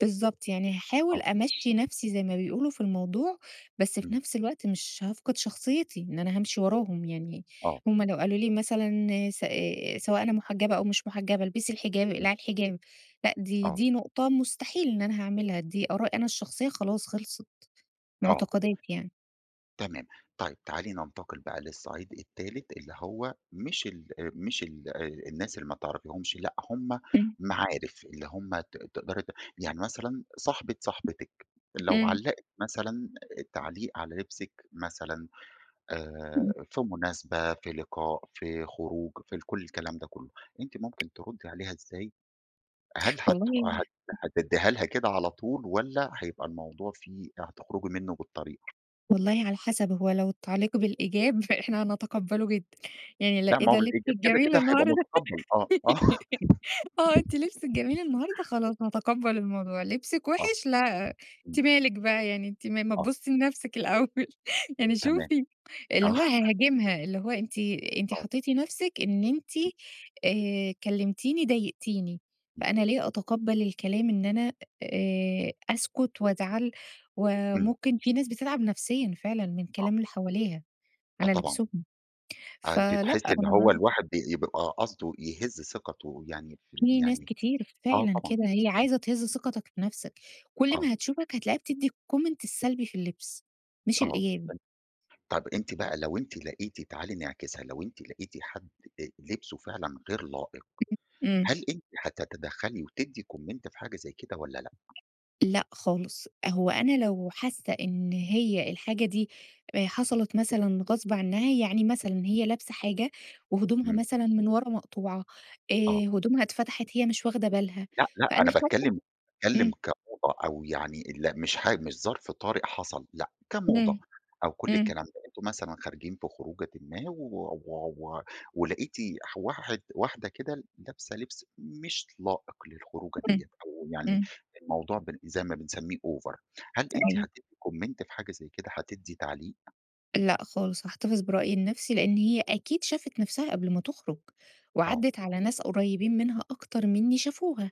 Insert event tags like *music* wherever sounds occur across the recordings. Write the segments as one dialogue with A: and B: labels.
A: بالضبط يعني
B: آه.
A: هاحاول أمَشّي نَفسي زي ما بيقولوا في الموضوع، بس في
B: إمم.
A: نَفس الوقت مش هافقد شخصيتي إن أنا هامشي وراهم يعني،
B: آه.
A: هُم لو قالوا لي مثلًا س آآ، سواء أنا محجبة أو مش محجبة البسي الحجاب،
B: إمم.
A: اقلعي الحجاب، لأ دي
B: آه.
A: دي نقطة مستحيل إن أنا هاعملها، دي آرائي أنا الشخصية خلاص خلصت،
B: آه.
A: معتقدات يعني.
B: تمام. طيب تعالي ننتقل بقى للصعيد التالت، اللي هو مش الأ مش ال آآ، الناس اللي ما تعرفيهُمش لأ، هُم
A: إمم.
B: معارف، اللي هُم ت تقدري ت يعني مثلًا صاحبة صاحبتِك، لو
A: إمم.
B: علّقِت مثلًا التعليق على لبسِك مثلًا،
A: إمم.
B: آآ، في مناسبة، في لقاء في خروج في ال كل الكلام ده كلّه، أنتِ ممكن ترُدّي عليها إزاي؟ هل هت
A: والله *unintelligible*
B: هت هتدّيها لها كده على طول والّا هيبقى الموضوع فيه هتخرجي منه بالطريقة؟
A: والله على حسب، هو لو التعليق بالإيجاب فإحنا هنتقبله جدًا، يعني لأ
B: لأ
A: إيه
B: ما هو
A: ده
B: بالإيجاب
A: لبسِك
B: كده
A: جميل
B: كده هيبقى
A: النهارده!
B: مُتقبل آه، آه.
A: *laughs* آه أنتِ لبسِك جميل النهارده، خلاص
B: *laughs*
A: هاتَقَبّل الموضوع، لبسِك
B: آه،
A: وِحِش؟ لا أنتِ
B: إمم.
A: مالِك بقى يعني؟ أنتِ ما ما
B: آه.
A: تبُصي لنَفسِك الأول. يعني
B: تمام،
A: شوفي اللي
B: آه.
A: هو هاهاجمها، اللي هو أنتِ أنتِ
B: آه.
A: حطّيتِ نَفسِك إن أنتِ
B: إمم.
A: آآ، كلِّمتيني ضايقتيني،
B: إمم.
A: فأنا ليه أتقَبل الكلام إن أنا آآ، أسكت وأزعَل
B: إمم.
A: وممكن في ناس بتتعب نفسيًا فعلًا من
B: *unintelligible*
A: كلام اللي حواليها
B: آه
A: على
B: طبعًا.
A: لبسهم،
B: آآ، أنتِ
A: فلأ
B: تحسّي إن هو
A: أنا
B: الواحد ب يبقى قصده يهِزّ ثقته يعني في ال
A: في ناس
B: يعني
A: كتير
B: آه
A: فعلًا
B: طبعًا.
A: كده، هي عايزة تهزّ ثقَتك في نَفسك، كل ما
B: آه.
A: هتشوفك هتلاقيها بتِدّي الcomment السلبي في اللبس، مش
B: آه
A: الإيجابي.
B: *unintelligible* طب أنتِ بقى لو أنتِ لقيتِ تعالي نعكسها، لو أنتِ لقيتِ حد آآ، لبسه فعلًا غير لائق،
A: *unintelligible* إمم.
B: هل أنتِ هتتدَخّلي وتِدّي comment في حاجة زي كده والّا لأ؟
A: لأ خالص، أ هو أنا لو حاسّة إن هي الحاجة دي آآ، حصلت مثلًا غصب عنّها، يعني مثلًا
B: *unintelligible*
A: هي لابسة حاجة وهدومها
B: إمم.
A: مثلًا من ورا مقطوعة، آآ،
B: آه.
A: هدومها اتفتحت هي مش واخدة بالها،
B: لأ لأ
A: فأنا
B: أنا
A: شايفة
B: باتكلم باتكلم
A: إمم.
B: كموضة أو يعني ال لأ مش حا مش ظرف طارئ حصل لأ، كموضة
A: إمم،
B: أو كُلّ
A: إمم.
B: الكلام ده، أنتم مثلًا خارجين في خروجةٍ ما و و و ولقيتِ ح واحد واحدة كده لابسة لبس مش لائق للخروجة ديّة
A: إمم،
B: أو يعني
A: إمم.
B: الموضوع ب زي ما بنسميه over. هل أنتِ
A: أيو
B: هتِدّي comment في حاجة زي كده، هتِدّي تعليق؟
A: لأ خالص، هاحتفظ برأيي لنَفسي لأن هي أكيد شافِت نَفسها قبل ما تُخرج
B: آه.
A: وعدِّت على ناس قريّبين منها أكتر منّي شافوها،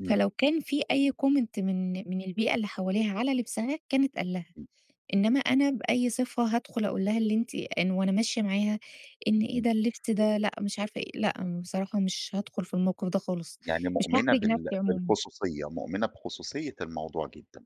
B: إمم.
A: فلو كان في أي comment من من البيئة اللي حواليها على لبسها كان اتقال لها،
B: إمم.
A: إنّما أنا بأي صفة هادخل أقول لها اللي أنتِ إن وأنا ماشية معاها إن إيه
B: إمم.
A: ده اللبس ده لأ مش عارفة إيه، لأ بصراحة مش هادخل في الموقف ده خالص،
B: يعني
A: مش
B: مؤمنة
A: هاحرج
B: بال
A: نَفسي عمومًا.
B: بالخصوصية، مؤمنة بخصوصية الموضوع جدًا.